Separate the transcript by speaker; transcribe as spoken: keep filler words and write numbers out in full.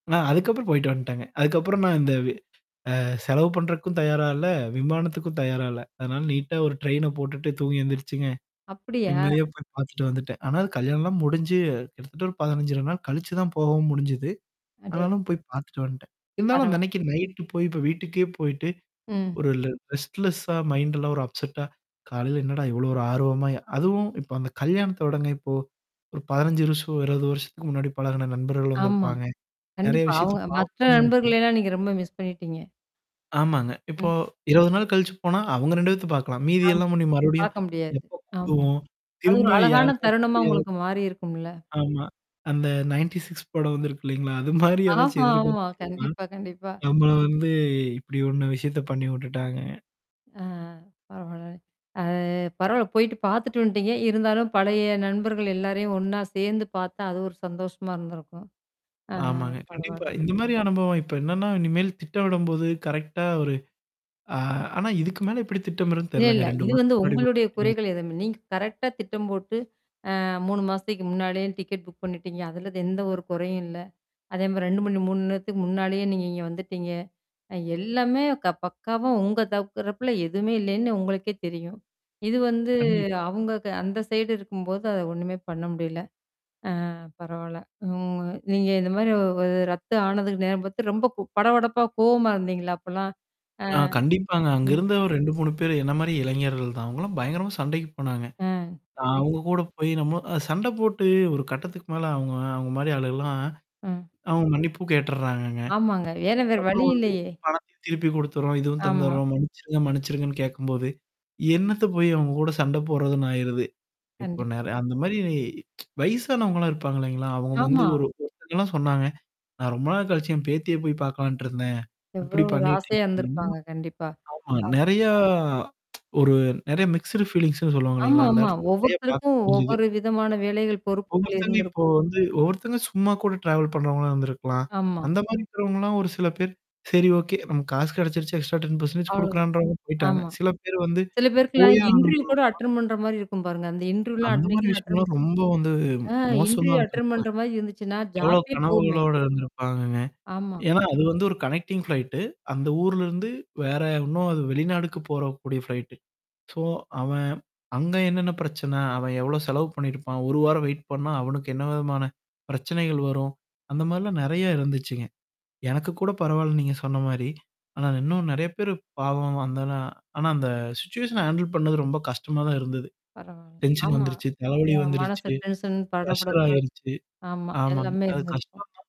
Speaker 1: நான் அதுக்கப்புறம் போயி்டு வன்டேங்க. அதுக்கப்புறம் நான் இந்த வி அ செலவு பண்றதுக்கும் தயாரால்ல, விமானத்துக்கும் தயாரால்ல. அதனால நீட்டா ஒரு ட்ரெயின போட்டுட்டு, தூங்கி எழுந்தருச்சுங்க.
Speaker 2: அப்படியா?
Speaker 1: நிம்மதியா போய் பார்த்துட்டு வந்துட்டேன். ஆனா அது கல்யாணம்லாம் முடிஞ்சு கிட்டத்தட்ட ஒரு பதினஞ்சர நாள் கழிச்சு தான் போகவும் முடிஞ்சுது.
Speaker 2: அடே
Speaker 1: ஆனாலும் போய் பார்த்துட்டு வன்டேன். இருந்தாலும்
Speaker 2: பரவால்
Speaker 1: அந்தன்னைக்கு நைட்டு போய் இப்ப வீட்டுக்கே போயிட்டு.
Speaker 2: ம்.
Speaker 1: ஒரு ரெட்ஸ்லெஸ்ஸா மைண்ட் எல்லாம் ஒரு அப்செட்டா. காலையில என்னடா இவ்வளோ ஒரு ஆர்வமா அதுவும் இப்ப அந்த கல்யாணத்த விடங்க இப்போ? ஒரு பதினஞ்சு வருஷம் இருவது வருஷத்துக்கு முன்னாடி பழகான நண்பர்கள்
Speaker 2: ஆமா.
Speaker 1: வந்திருப்பாங்க. நெறைய
Speaker 2: கண்டிப்பா.
Speaker 1: விஷயத்த
Speaker 2: அவங்க மற்ற
Speaker 1: பார்கணும்னு நினச்சு
Speaker 2: நண்பர்கள்ன்னா நீங்க ரொம்ப மிஸ் பண்ணிட்டீங்க.
Speaker 1: ஆமாங்க. இப்போ,
Speaker 2: ம்.
Speaker 1: இருவது நாள் கழிச்சு போனா, அவுங்க ரெண்டு பேர்த்த பார்க்கலாம்.
Speaker 2: ஆம்.
Speaker 1: மீதியெல்லாம் ஒண்ணி மறுபடியும்,
Speaker 2: பாரக்க முடியாது.
Speaker 1: எப்ப
Speaker 2: ஆமா.
Speaker 1: கூடுவோம்.
Speaker 2: அது
Speaker 1: திரும்ப
Speaker 2: ஒரு அழகான
Speaker 1: யாருக்காட்சி
Speaker 2: தருணமா
Speaker 1: புரியத
Speaker 2: உங்களுக்கு மாறிருக்கும்ல?
Speaker 1: ஆமா. அந்த நயன்டீ சிக்ஸ் படம் வந்திருக்கு இல்லைங்களா? அது மாரி
Speaker 2: ஆஹா.
Speaker 1: ஏதாச்சும்
Speaker 2: ஆமா,
Speaker 1: எதிர்பார்த்தது தான். ம்.
Speaker 2: கண்டிப்பா, கண்டிப்பா.
Speaker 1: நம்மள வந்து இப்படி ஒண்ண விஷயத்த பண்ணி உட்டுட்டாங்க.
Speaker 2: ஆ அ. பரவால்ல. அது பரவால்ல. போயி்டு பார்த்துட்டு வந்துட்டீங்க. இருந்தாலும் பழைய நண்பர்கள் எல்லாரையும் ஒண்ணா சேர்ந்து பார்த்தா அது ஒரு சந்தோஷமா இருந்திருக்கும். அ அ.
Speaker 1: ஆமாங்க. கண்டிப்பா.
Speaker 2: பரவால்ல.
Speaker 1: இந்த மாரி அனுபவம் இப்ப என்னன்னா இனிமேல் திட்டமிடும்போது கரெக்ட்டா ஒரு ஆ ஆனா இதுக்கு மேல இப்படி திட்டமிறதுன்னு
Speaker 2: இல்ல,
Speaker 1: தெரியலங்க.
Speaker 2: இல்ல.
Speaker 1: ரெண்டு
Speaker 2: இது வந்து
Speaker 1: வாரத்துக்கு முன்னாடி புக்
Speaker 2: உங்களுடைய குறைகள்
Speaker 1: பண்ணியாச்சு.
Speaker 2: எதுவுமே நீங்க கரெக்ட்டா திட்டம் போட்டு, அ மூணு மாசக்கு முன்னாலயே டிக்கெட் புக் பண்ணிட்டீங்க. அதுல எந்த ஒரு குறையும் இல்ல? அதே மாரி ரெண்டு மணி மூன் நேரத்துக்கு முன்னாடியே நீங்க இங்க வந்துட்டீங்க. அ எல்லாமே க பக்காவா உங்க தவுக்குறப்பல எதுவுமே இல்லைன்னு உங்களுக்கே தெரியும். இது வந்து
Speaker 1: கண்டிப்பா.
Speaker 2: அவுங்க க அந்த சைடு இருக்கும்போது அத ஒண்ணுமே பண்ண முடியல. ஆ பரவால்ல. ம். நீங்க இந்த மாரி ஓ ரத்து ஆனதுக்கு நேரம் பார்த்து ரொம்ப கூ படபடப்பா கோவமா இருந்தீங்களா? அப்பலாம்? ஆ.
Speaker 1: ஆ கண்டிப்பாங்க. அங்க
Speaker 2: ம்.
Speaker 1: இருந்த ஒரு ரெண்டு, மூணு பேரு என்ன மாரி இளைஞர்கள் தான். அவங்கலாம் பயங்கரமா சண்டைக்கு போனாங்க.
Speaker 2: அ. ம்.
Speaker 1: அவங்க கூட போய் நம்ம அ சண்டை போட்டு ஒரு கட்டத்துக்கு மேல அவங்க அவங்க மாரி ஆளுகள்லாம்.
Speaker 2: ஆ.
Speaker 1: அவங்க மன்னிப்பும் கேட்டுர்றாங்கங்க.
Speaker 2: ஆமாங்க. ஏன்னா, வேற வழி
Speaker 1: அப்புறம் வந்து
Speaker 2: இல்லையே.
Speaker 1: பண்த்தையும் திருப்பி குடுத்துர்றோம். இதுவும்
Speaker 2: ஆமா.
Speaker 1: தந்துர்றோம். மன்னிச்சிருங்க, மன்னிச்சிருங்கன்னு கேட்கும்போது. என்னத்த போய் அவங்க கூட சண்ட போடுறதுன்னு ஆயிருது. இப்போ
Speaker 2: கண்டிப்பா.
Speaker 1: நெற அந்த மாரி வயசானவங்கலாம் இருப்பாங்க இல்லைங்களா? அவங்க வந்து
Speaker 2: ஆமா.
Speaker 1: ஒரு ஒருத்தங்கலாம் சொன்னாங்க. நான் ரொம்ப நாள் கழிச்சு என் பேத்தியே போய் பார்க்கலான்ட்டு இருந்தேன், இப்படி
Speaker 2: எவ்வளோ ஒரு
Speaker 1: பண்ணிட்டீங்க
Speaker 2: ஆசையா
Speaker 1: என்ன?
Speaker 2: இருந்திருப்பாங்க கண்டிப்பா.
Speaker 1: ஆமா
Speaker 2: ஆ.
Speaker 1: நெறையா ஒரு நெறைய மிக்ஸ்ட் ஃபீலிங்ஸ்ன்னு சொல்லுவாங்க
Speaker 2: ஆமா,
Speaker 1: இல்லைங்களா? அந்த
Speaker 2: ஆமா.
Speaker 1: இடத்துல நெறைய பார்க்க
Speaker 2: ஒவ்வொருத்தருக்கும்
Speaker 1: முடிஞ்சுது.
Speaker 2: ஒவ்வொரு விதமான வேலைகள் பொறுப்புகள்
Speaker 1: ஒவ்வொத்தவங்க இப்போ
Speaker 2: இருந்திருக்கும்.
Speaker 1: வந்து ஒவ்வொருத்தங்க சும்மா கூட ட்ராவல் பண்றவங்களாம் இருந்திருக்கலாம்?
Speaker 2: ஆமா.
Speaker 1: அந்த மாரி இருக்கிறவங்கலாம் ஒரு சில பேர். சரி ஓகே. நம்ம காசு கிடைச்சிருச்சு, எக்ஸ்ட்ரா டென் பெர்சென்டேஜ்
Speaker 2: அவ்ளோதான்.
Speaker 1: குடுக்குறான்ன்றவங்க போயி்ட்டாங்க.
Speaker 2: ஆமா.
Speaker 1: சில பேர் வந்து
Speaker 2: சில பேருக்குலாம்
Speaker 1: போயே
Speaker 2: இன்டர்வியூ
Speaker 1: ஆகணும்ங்குற
Speaker 2: கூட அட்டெண்ட் பண்ற மாரி இருக்கும் பாருங்க. அந்த இன்டர்வியூலாம்
Speaker 1: அந்த மாரி
Speaker 2: அட்னைக்கனு அட்டெண்ட்.
Speaker 1: விஷயங்கள்லாம் ரொம்ப வந்து
Speaker 2: ஆ
Speaker 1: மோசமா
Speaker 2: இன்டர்வியூ அட்டெண்ட்
Speaker 1: இருந்திருக்கன்.
Speaker 2: பண்ற மாரி இருந்துச்சுன்னா
Speaker 1: எவ்ளோ
Speaker 2: ஜாப்பே போவுமே.
Speaker 1: கனவுகளோடு இருந்திருப்பாங்கங்க?
Speaker 2: ஆமா.
Speaker 1: ஏன்னா, அது வந்து ஒரு கனெக்டிங் ஃப்ளைட்டு. அந்த ஊர்லருந்து வேற இன்னும் அது வெளிநாடுக்கு போறக்கூடிய ஃப்ளைட்டு. சோ அவன் அங்க என்னென்ன பிரச்சன? அவன் எவ்வளோ செலவு பண்ணியிருப்பான்? ஒரு வாரம் வெயிட் பண்ணா அவனுக்கு என்ன விதமான? பிரச்சனைகள் வரும். அந்த மாரிலாம் நெறைய இருந்துச்சுங்க. எனக்கு கூட பரவால்ல நீங்க சொன்ன மாரி. ஆனா இன்னும் நெறைய பேரு பாவம் அந்தால ஆனா அந்த சிச்சுவஷன ஹேண்டில் பண்ணது ரொம்ப கஷ்டமா தான் இருந்தது.
Speaker 2: பரவால்ல.
Speaker 1: டென்ஷன்
Speaker 2: ஆமா.
Speaker 1: வந்துருச்சு.
Speaker 2: அ
Speaker 1: தலைவல
Speaker 2: மனசு
Speaker 1: வந்துருச்சு.
Speaker 2: டென்ஷன் பட
Speaker 1: ப்ரஷ்ஷர்
Speaker 2: படப்பு.
Speaker 1: ஆயிருச்சு.
Speaker 2: ஆமா.
Speaker 1: ஆமாங்க.
Speaker 2: எல்லாமே
Speaker 1: அது கஷ்டம்
Speaker 2: இருந்துருச்ச.
Speaker 1: தான்.